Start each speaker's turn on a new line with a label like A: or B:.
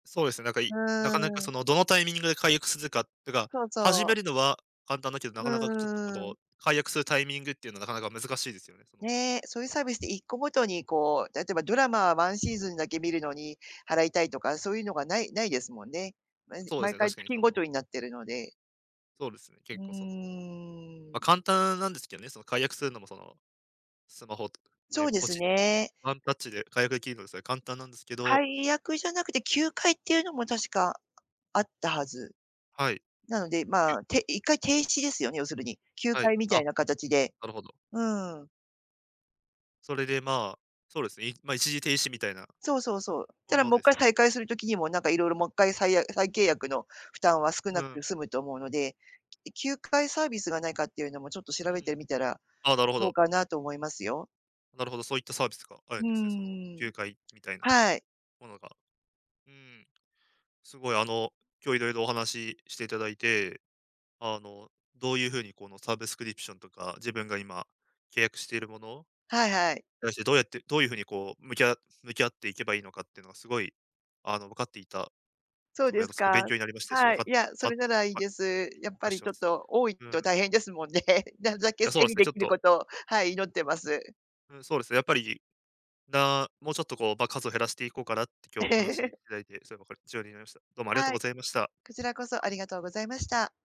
A: そうですね、なんか、
B: う
A: いな
B: ー
A: かなか
B: ん。
A: その、どのタイミングで解約するかとか、
B: そう
A: 始
B: そう。
A: めるのは簡単だけど、
B: う
A: なかなかちょっとこ
B: ーん。
A: の解約するタイミングっていうのはなかなか難しいですよね、その。
B: ね、そういうサービスって1個ごとにこう、例えばドラマ、ワンシーズンだけ観るのに、払いたいとか、そういうのがないないですもんね。毎
A: そうで
B: 毎
A: すね、
B: 回
A: 確かに
B: 月ん
A: そ
B: ごとに
A: の
B: なってるので。
A: そうですね。
B: う
A: 結構、その、
B: ー
A: ま、
B: ん。
A: 簡単なんですけどね、その解約するのも、その、スマホ
B: そ
A: で、
B: うで
A: ポ
B: す
A: チ。
B: ね。
A: ワンタッチで解約出来るのですが、簡単なんですけど。
B: 解約じゃなくて休会っていうのも確かあったはず。
A: はい。
B: なので
A: ぎ
B: ま
A: ゅ
B: あ、て一回停止ですよね、要するに、休
A: はい、
B: 会みたい
A: あ、
B: な形で。
A: なるほど。
B: うーん。
A: それで、ま、そうですね、ま、一時停止みたいな
B: そうそうそう。
A: も
B: ただ
A: の
B: も
A: で
B: っ
A: す
B: かい
A: よね。
B: 再開する時にも、なんか色々もっかい、さいや再契約の負担は少な
A: う
B: く
A: ん。
B: て済むと思うので、き休会サービスがないかっていうのも、ちょっと
A: う
B: 調べて
A: ん。
B: みたら
A: あ、なるほ
B: どう
A: ど。
B: かなと思いますよ。
A: なるほど、そういったサービスがあ
B: う
A: る
B: ー
A: ん
B: ん、
A: ですね、その
B: うううん。
A: 休会みたいな
B: はい。
A: ものが。うん。すごいあの、今日色々お話ししていただいて、あの、どういうふうにこのサブスクリプションとか、自分が今契約しているもの、
B: はいはい。
A: 対してどうやって、どういう風にこう、向きあ向き合っていけばいいのかってのがすごい、あの分かっていた
B: そう
A: すご
B: で
A: いあ
B: す
A: のすごい
B: か。
A: 勉強になりましたし、
B: は
A: わ
B: い、
A: か
B: いや、そ
A: か、
B: れならいい
A: あ、
B: です。や
A: [unintelligible]
B: っぱ
A: あ
B: り
A: しゃ
B: ちょっ
A: す。
B: と多い
A: う
B: と
A: ん。
B: 大変ですもんね。なるだ
A: い
B: け
A: や、そ
B: 整
A: うで
B: 理
A: すね、
B: 出
A: ちょっ
B: 来る
A: と
B: ことを、はい、祈ってます。
A: うん、そうですね、やっぱり、なもうちょっとこう、ば数を減らしていこうかなって今
B: え
A: 日お話し
B: え。
A: いただいて、それもこっち寄りになりました。どうもありがとう
B: は
A: ご
B: い、
A: ざいました。
B: こちらこそありがとうございました。